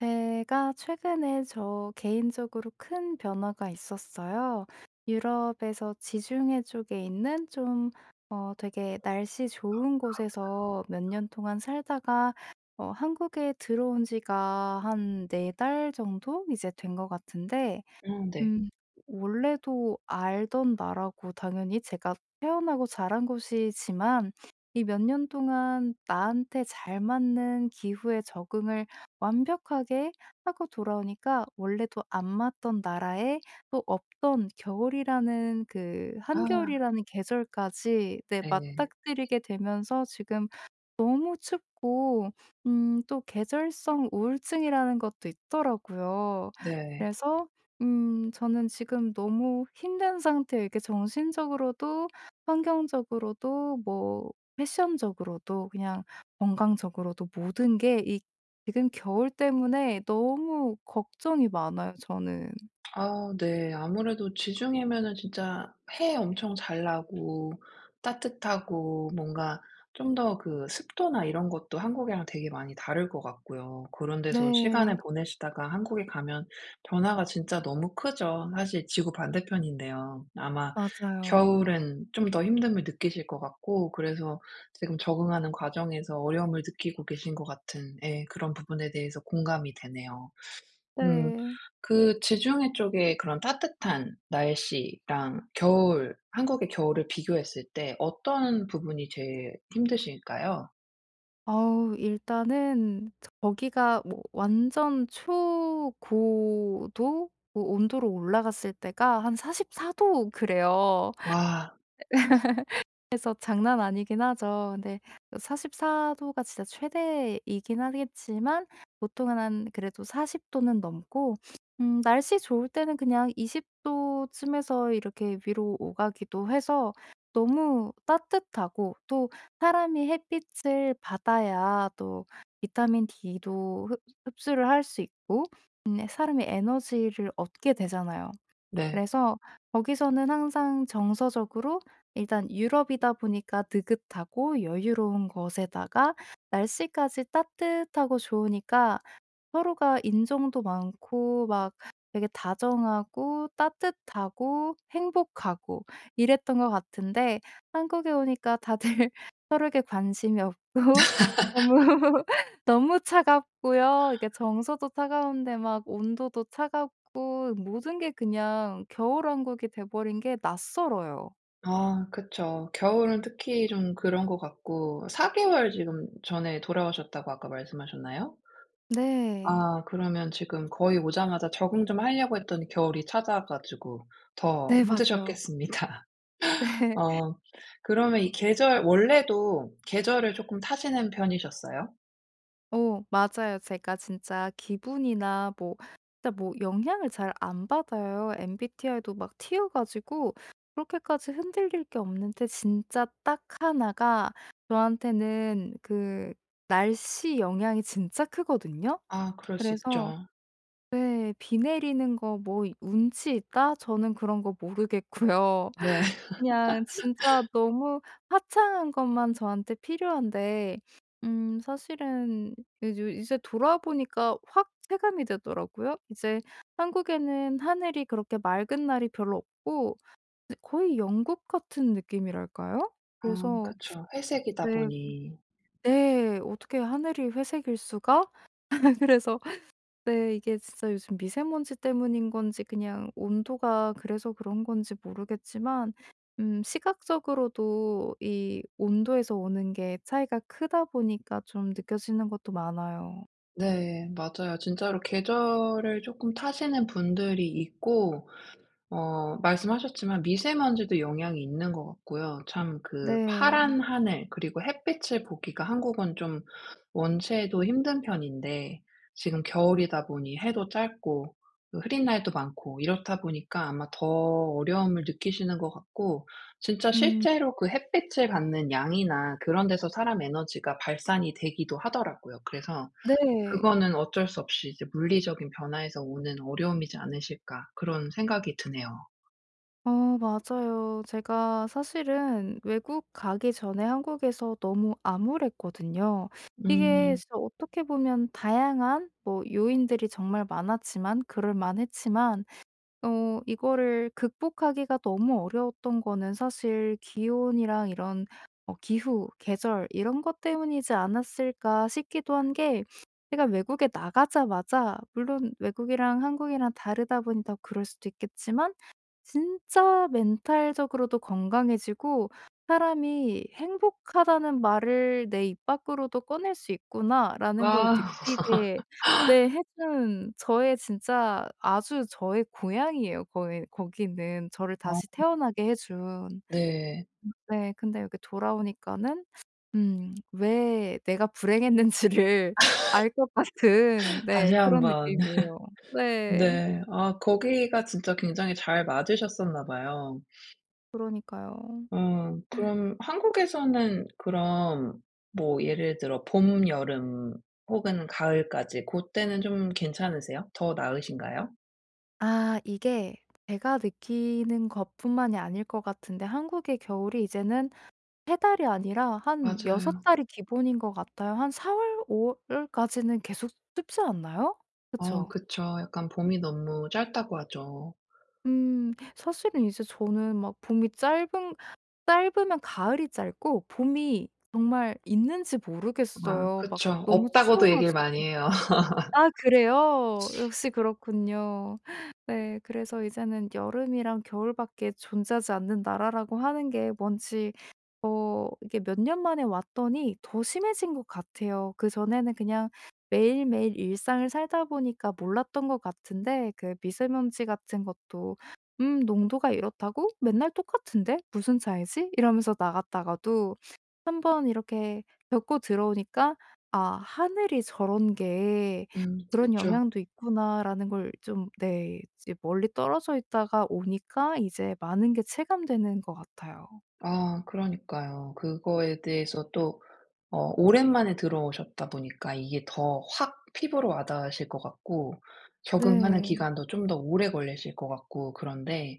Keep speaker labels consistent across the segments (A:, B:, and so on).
A: 제가 최근에 저 개인적으로 큰 변화가 있었어요. 유럽에서 지중해 쪽에 있는 좀 어 되게 날씨 좋은 곳에서 몇 년 동안 살다가 어 한국에 들어온 지가 한 4 달 정도 이제 된 것 같은데
B: 음 네.
A: 음. 원래도 알던 나라고 당연히 제가 태어나고 자란 곳이지만 이 몇 년 동안 나한테 잘 맞는 기후에 적응을 완벽하게 하고 돌아오니까 원래도 안 맞던 나라에 또 없던 겨울이라는 그
B: 아.
A: 한겨울이라는 계절까지 네
B: 네.
A: 맞닥뜨리게 되면서 지금 너무 춥고 음 또 계절성 우울증이라는 것도 있더라고요.
B: 네.
A: 그래서 음 저는 지금 너무 힘든 상태에 그러니까 정신적으로도 환경적으로도 뭐 패션적으로도 그냥 건강적으로도 모든 게 이 지금 겨울 때문에 너무 걱정이 많아요, 저는.
B: 아 네. 아무래도 지중해면은 진짜 해 엄청 잘 나고 따뜻하고 뭔가 좀 더 그 습도나 이런 것도 한국이랑 되게 많이 다를 것 같고요. 그런 데서 시간을
A: 네.
B: 보내시다가 한국에 가면 변화가 진짜 너무 크죠. 사실 지구 반대편인데요. 아마
A: 맞아요.
B: 겨울엔 좀 더 힘듦을 느끼실 것 같고 그래서 지금 적응하는 과정에서 어려움을 느끼고 계신 것 같은 예 그런 부분에 대해서 공감이 되네요. 음.
A: 네.
B: 그 지중해 쪽에 그런 따뜻한 날씨랑 겨울, 한국의 겨울을 비교했을 때 어떤 부분이 제일 힘드실까요?
A: 어우. 일단은 저 거기가 뭐 완전 초고도 오 온도로 올라갔을 때가 한 44 도 그래요.
B: 와.
A: 그래서 장난 아니긴 하죠. 근데 44 도가 진짜 최대이긴 하겠지만 보통은 한 그래도 40 도는 넘고 음 날씨 좋을 때는 그냥 20 도쯤에서 이렇게 위로 오가기도 해서 너무 따뜻하고 또 사람이 햇빛을 받아야 또 비타민 D도 흡 흡수를 할 수 있고 음 사람의 에너지를 얻게 되잖아요.
B: 네.
A: 그래서 거기서는 항상 정서적으로 일단 유럽이다 보니까 느긋하고 여유로운 것에다가 날씨까지 따뜻하고 좋으니까 서로가 인정도 많고 막 되게 다정하고 따뜻하고 행복하고 이랬던 것 같은데 한국에 오니까 다들 서로에게 관심이 없고 너무 너무 차갑고요. 이게 정서도 차가운데 막 온도도 차갑고 모든 게 그냥 겨울 왕국이 돼 버린 게 낯설어요.
B: 아 그쵸. 겨울은 특히 좀 그런 것 같고 4 개월 지금 전에 돌아오셨다고 아까 말씀하셨나요?
A: 네.
B: 아 그러면 지금 거의 오자마자 적응 좀 하려고 했더니 겨울이 찾아와 가지고 더
A: 네 맞아요.
B: 힘드셨겠습니다. 어. 그러면 이 계절 원래도 계절을 쪼끔 타시는 편이셨어요?
A: 어 맞아요. 제가 진짜 기분이나 뭐 진짜 뭐 영향을 잘 안 받아요. MBTI도 막 T여 가지고 그렇게까지 흔들릴 게 없는데 진짜 딱 1 가 저한테는 그 날씨 영향이 진짜 크거든요.
B: 아 그럴 수
A: 그래서
B: 있죠.
A: 네 '비 내리는 거 뭐 운치 있다?' 저는 그런 거 모르겠고요.
B: 네.
A: 그냥 진짜 너무 화창한 것만 저한테 필요한데 음 사실은 이제, 이제 돌아와 보니까 확 체감이 되더라고요. 이제 한국에는 하늘이 그렇게 맑은 날이 별로 없고 그 거의 영국 같은 느낌이랄까요?
B: 아
A: 그래서
B: 그쵸. 회색이다
A: 네
B: 보니.
A: 어 네. '어떻게 하늘이 회색일 수가?' 그래서 네 이게 진짜 요즘 미세 먼지 때문인 건지 그냥 온도가 그래서 그런 건지 모르겠지만 음 시각적으로도 이 온도에서 오는 게 차이가 크다 보니까 좀 느껴지는 것도 많아요.
B: 네 맞아요. 진짜로 계절을 쪼끔 타시는 분들이 있고 어 말씀하셨지만 미세 먼지도 영향이 있는 것 같고요. 참 그
A: 네.
B: 파란 하늘 그리고 햇빛을 보기가 한국은 좀 원체도 힘든 편인데 지금 겨울이다 보니 해도 짧고 그 흐린 날도 많고 이렇다 보니까 아마 더 어려움을 느끼시는 것 같고 진짜
A: 음.
B: 실제로 그 햇빛을 받는 양이나 그런 데서 사람 에너지가 발산이 되기도 하더라고요. 그래서
A: 네.
B: 그거는 어쩔 수 없이 이제 '물리적인 변화에서 오는 어려움이지 않으실까.' 그런 생각이 드네요.
A: 어 맞아요. 제가 사실은 외국 가기 전에 한국에서 너무 암울했거든요. 이게
B: 음.
A: 진짜 어떻게 보면 다양한 뭐 요인들이 정말 많았지만 그럴만했지만 어 이거를 극복하기가 너무 어려웠던 거는 사실 기온이랑 이런 어 기후, 계절 이런 것 때문이지 않았을까 싶기도 한 게 제가 외국에 나가자마자 물론 외국이랑 한국이랑 다르다 보니 더 그럴 수도 있겠지만 진짜 멘탈적으로도 건강해지고 '사람이 행복하다는 말을 내 입 밖으로도 꺼낼 수 있구나.'라는 걸
B: 와.
A: 느끼게 네 해 준 저의 진짜 아주 저의 고향이에요. 거기 거기는 저를
B: 아.
A: 다시 태어나게 해 준. 음
B: 네.
A: 네 근데 이렇게 돌아오니까는 음 왜 내가 불행했는지를 알 것 같은
B: 다시
A: 네
B: 1
A: 그런
B: 번.
A: 느낌이에요. 네.
B: 네. 아 거기가 진짜 굉장히 잘 맞으셨었나 봐요.
A: 그러니까요. 음.
B: 음. 그럼 한국에서는 그럼 뭐 예를 들어 봄, 여름 혹은 가을까지 고때는 좀 괜찮으세요? 더 나으신가요?
A: 아. 이게 제가 느끼는 것뿐만이 아닐 것 같은데 한국의 겨울이 이제는 3 달이 아니라 한 6
B: 맞아요.
A: 달이 기본인 것 같아요. 한 4 월, 5 월까지는 계속 춥지 않나요?
B: 어
A: 그쵸?
B: 그쵸. 약간 봄이 너무 짧다고 하죠.
A: 음. 사실은 이제 저는 막 봄이 짧은 짧으면 가을이 짧고 봄이 정말 있는지
B: 아
A: 모르겠어요, 막
B: 그쵸.
A: 너무
B: 없다고도
A: 추워
B: 얘기를 많이
A: 가지고.
B: 해요.
A: 아 그래요? 역시 그렇군요. 네 그래서 이제는 여름이랑 겨울밖에 존재하지 않는 나라라고 하는 게 뭔지 어 이게 몇 년 만에 왔더니 더 심해진 것 같아요. 그전에는 그냥 매일매일 일상을 살다 보니까 몰랐던 것 같은데 그 미세먼지 같은 것도 "음 농도가 이렇다고? 맨날 똑같은데 무슨 차이지?" 이러면서 나갔다가도 1 번 이렇게 겪고 들어오니까 '아 하늘이 저런 게
B: 음
A: 그런
B: 그쵸.
A: 영향도 있구나.'라는 걸 좀 네 이제 멀리 떨어져 있다가 오니까 이제 많은 게 체감되는 것 같아요.
B: 아 그러니까요. 그거에 대해서 또 어 오랜만에 들어오셨다 보니까 이게 더 확 피부로 와 닿으실 것 같고 적응하는
A: 네.
B: 기간도 좀 더 오래 걸리실 것 같고 그런데.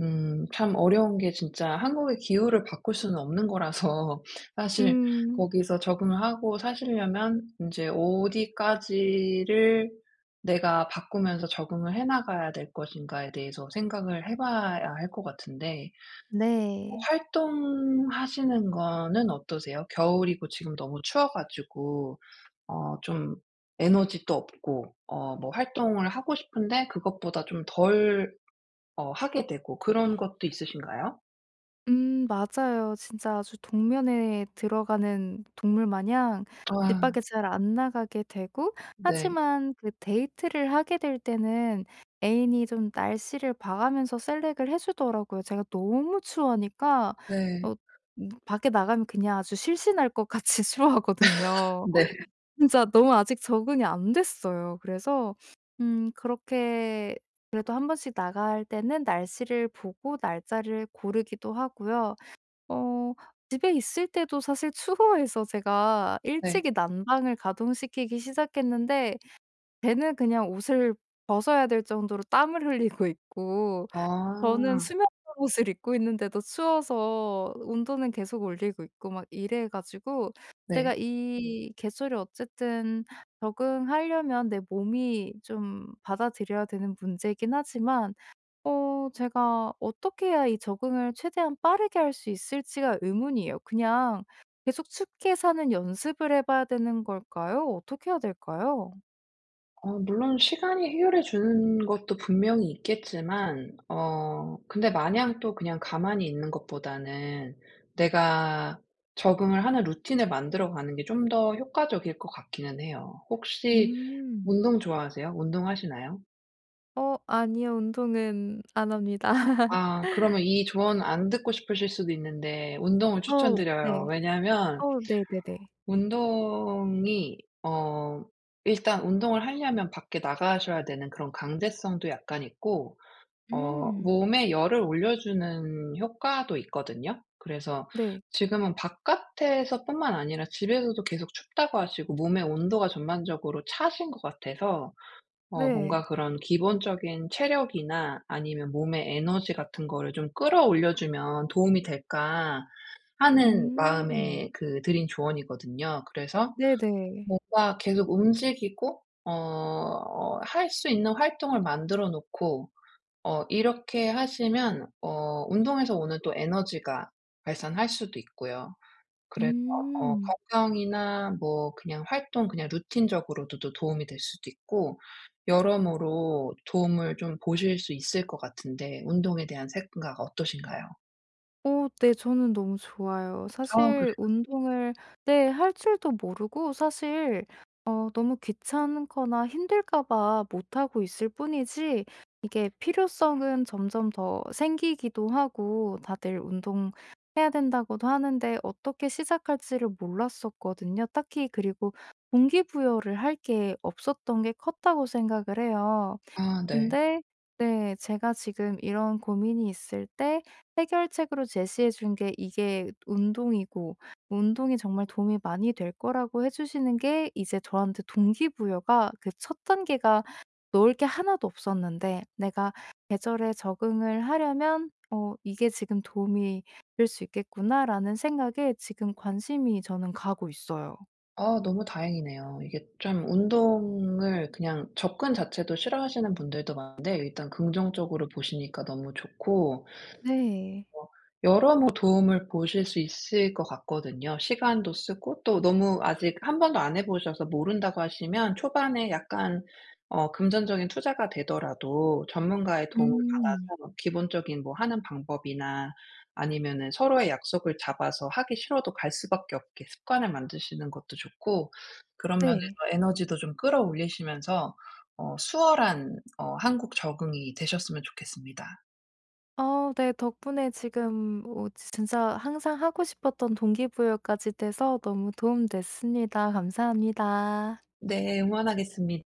B: 음 참 어려운 게 진짜 한국의 기후를 바꿀 수는 없는 거라서 사실
A: 음.
B: 거기서 적응을 하고 사시려면 인제 '어디까지를 내가 바꾸면서 적응을 해 나가야 될 것인가.'에 대해서 생각을 해 봐야 할 것 같은데. 뭐
A: 네.
B: 활동하시는 거는 어떠세요? 겨울이고 지금 너무 추워 가지고 어 좀 에너지도 없고 어 뭐 활동을 하고 싶은데 그것보다 좀 덜 어 하게 되고 그런 것도 있으신가요?
A: 음 맞아요. 진짜 아주 동면에 들어가는 동물 마냥 집
B: 아.
A: 밖에 잘 안 나가게 되고
B: 네.
A: 하지만 그 데이트를 하게 될 때는 애인이 좀 날씨를 봐 가면서 셀렉트를 해 주더라고요. 제가 너무 추워하니까
B: 네.
A: 어 뭐 밖에 나가면 그냥 아주 실신할 것 같이 추워하거든요.
B: 네.
A: 진짜 너무 아직 적응이 안 됐어요. 그래서 음 그렇게 그래도 1 번씩 나갈 때는 날씨를 보고 날짜를 고르기도 하고요. 어 집에 있을 때도 사실 추워해서 제가
B: 네.
A: 일찍이 난방을 가동시키기 시작했는데 걔는 그냥 옷을 벗어야 될 정도로 땀을 흘리고 있고 저는
B: 아.
A: 수면 잠옷을 입고 있는데도 추워서 온도는 계속 올리고 있고 막 이래 가지고
B: 네.
A: 내가 이 계절을 어쨌든 적응하려면 내 몸이 좀 받아들여야 되는 문제이긴 하지만 어 제가 어떻게 해야 이 적응을 최대한 빠르게 할 수 있을지가 의문이에요. 그냥 계속 춥게 사는 연습을 해 봐야 되는 걸까요? 어떻게 해야 될까요?
B: 어 물론 시간이 해결해 주는 것도 분명히 있겠지만 어 근데 마냥 또 그냥 가만히 있는 것보다는 내가 적응을 하는 루틴을 만들어 가는 게 좀 더 효과적일 것 같기는 해요. 혹시
A: 음.
B: 운동 좋아하세요? 운동하시나요?
A: 어. 아니요. 운동은 안 합니다.
B: 아. 그러면 이 조언 안 듣고 싶으실 수도 있는데 운동을
A: 어우.
B: 추천드려요.
A: 네.
B: 왜냐하면
A: 어 네네네.
B: 운동이 어 일단 운동을 하려면 밖에 나가셔야 되는 그런 강제성도 약간 있고 어
A: 음.
B: 몸에 열을 올려주는 효과도 있거든요. 그래서
A: 네.
B: 지금은 바깥에서뿐만 아니라 집에서도 계속 춥다고 하시고 몸의 온도가 전반적으로 차신 것 같아서 어
A: 네.
B: 뭔가 그런 기본적인 체력이나 아니면 몸의 에너지 같은 거를 좀 끌어올려 주면 도움이 될까? 하는
A: 음.
B: 마음에 그 드린 조언이거든요. 그래서
A: 네네.
B: 뭔가 계속 움직이고 어 할 수 있는 활동을 만들어 놓고 어 이렇게 하시면 어 운동에서 오는 또 에너지가 발산할 수도 있고요. 그래서 어
A: 음.
B: 건강이나 뭐 그냥 활동 그냥 루틴적으로도 도움이 될 수도 있고 여러모로 도움을 좀 보실 수 있을 것 같은데 운동에 대한 생각 어떠신가요?
A: 어. 네 저는 너무 좋아요.
B: 아
A: 사실
B: 그래요?
A: 운동을 네 할 줄도 모르고 사실 어 너무 귀찮거나 힘들까 봐 못 하고 있을 뿐이지 이게 필요성은 점점 더 생기기도 하고 다들 "운동해야 된다."고도 하는데 어떻게 시작할지를 몰랐었거든요. 딱히 그리고 '동기 부여를 할 게 없었던 게 컸다.'고 생각을 해요.
B: 아 네.
A: 근데 네 제가 지금 이런 고민이 있을 때 해결책으로 제시해 준 게 이게 운동이고 운동이 정말 도움이 많이 될 거라고 해 주시는 게 이제 저한테 동기 부여가 그 1 단계가 넣을 게 1 도 없었는데 내가 계절에 적응을 하려면 '어 이게 지금 도움이 될 수 있겠구나.'라는 생각에 지금 관심이 저는 가고 있어요.
B: 아 너무 다행이네요. 이게 좀 운동을 그냥 접근 자체도 싫어하시는 분들도 많은데 일단 긍정적으로 보시니까 너무 좋고
A: 네.
B: 뭐 여러 뭐 도움을 보실 수 있을 것 같거든요. 시간도 쓰고 또 너무 아직 1 번도 안 해 보셔서 모른다고 하시면 초반에 약간 어 금전적인 투자가 되더라도 전문가의 도움을
A: 음.
B: 받아서 기본적인 뭐 하는 방법이나 아니면은 서로의 약속을 잡아서 하기 싫어도 갈 수밖에 없게 습관을 만드시는 것도 좋고 그런 면에서
A: 네.
B: 에너지도 좀 끌어올리시면서 어 수월한 어 한국 적응이 되셨으면 좋겠습니다.
A: 아. 네 덕분에 지금 뭐 진짜 항상 하고 싶었던 동기 부여까지 돼서 너무 도움 됐습니다. 감사합니다.
B: 네. 응원하겠습니